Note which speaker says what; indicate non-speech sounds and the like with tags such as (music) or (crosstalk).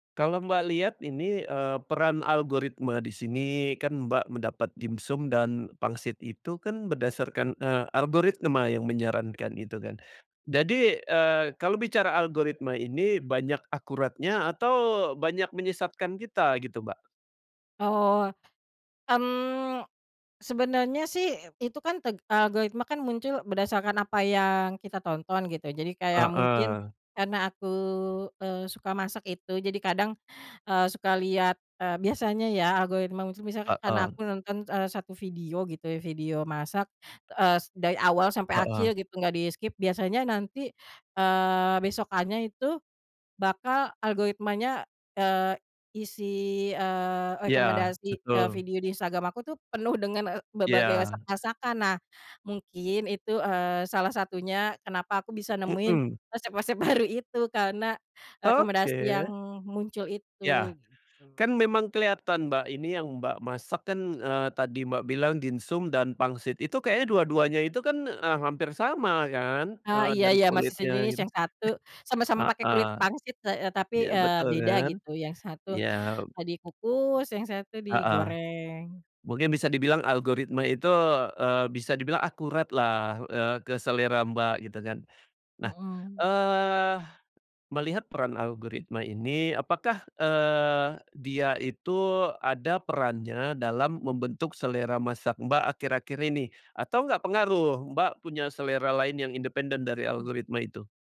Speaker 1: Kalau Mbak lihat ini, eee, peran algoritma di sini, kan Mbak mendapat dimsum dan pangsit itu kan berdasarkan, eee, algoritma yang menyarankan gitu kan, jadi, eee, kalau bicara algoritma ini, banyak akuratnya atau banyak menyesatkan kita gitu, Mbak?
Speaker 2: Oh. Mmm, sebenarnya sih itu kan teg algoritma kan muncul berdasarkan apa yang kita tonton gitu, jadi kayak mungkin
Speaker 1: Heeh.
Speaker 2: karena aku, eee, suka masak itu jadi kadang, eee, suka lihat, eee, biasanya ya algoritma itu, misalkan karena
Speaker 1: Heeh.
Speaker 2: aku nonton, eee, 1 video gitu ya, video masak, eee, s dari awal sampai
Speaker 1: Heeh.
Speaker 2: akhir gitu gak di-skip, biasanya nanti, eee, besokannya itu bakal algoritmanya, eee, isi, eee,
Speaker 1: Ya,
Speaker 2: rekomendasi, eee,
Speaker 1: betul.
Speaker 2: video di Instagram aku tuh penuh dengan, ek berbagai
Speaker 1: Ya.
Speaker 2: masak-masakan. Nah mungkin itu, eee, salah satunya kenapa aku bisa nemuin
Speaker 1: Mhm.
Speaker 2: resep-resep baru itu karena rekomendasi yang
Speaker 1: Oke.
Speaker 2: muncul
Speaker 1: Ya,
Speaker 2: itu, gitu.
Speaker 1: kan memang kelihatan, Mbak, ini yang Mbak masak kan, eee, tadi Mbak bilang dimsum dan pangsit, itu kayaknya dua-duanya itu kan, eee, hampir sama kan,
Speaker 2: Eee,
Speaker 1: eee,
Speaker 2: iya
Speaker 1: dari
Speaker 2: iya masih
Speaker 1: kulitnya
Speaker 2: sejenis
Speaker 1: gitu.
Speaker 2: yang satu
Speaker 1: (clears throat)
Speaker 2: sama-sama pakai
Speaker 1: Heeh.
Speaker 2: kulit pangsit heeh, tapi,
Speaker 1: Iya,
Speaker 2: eee,
Speaker 1: betul
Speaker 2: beda
Speaker 1: kan?
Speaker 2: gitu yang satu,
Speaker 1: Iya.
Speaker 2: eee, dikukus, yang satu
Speaker 1: Heeh.
Speaker 2: digoreng.
Speaker 1: Mungkin bisa dibilang algoritma itu, eee, bisa dibilang akurat lah, eee, ke selera Mbak gitu kan. Nah,
Speaker 2: Mhm.
Speaker 1: eee, melihat peran algoritma ini, apakah, eee, dia itu ada perannya dalam membentuk selera masak Mbak akhir-akhir ini? Atau nggak pengaruh, Mbak punya selera lain yang independen dari
Speaker 2: Oh.
Speaker 1: algoritma itu.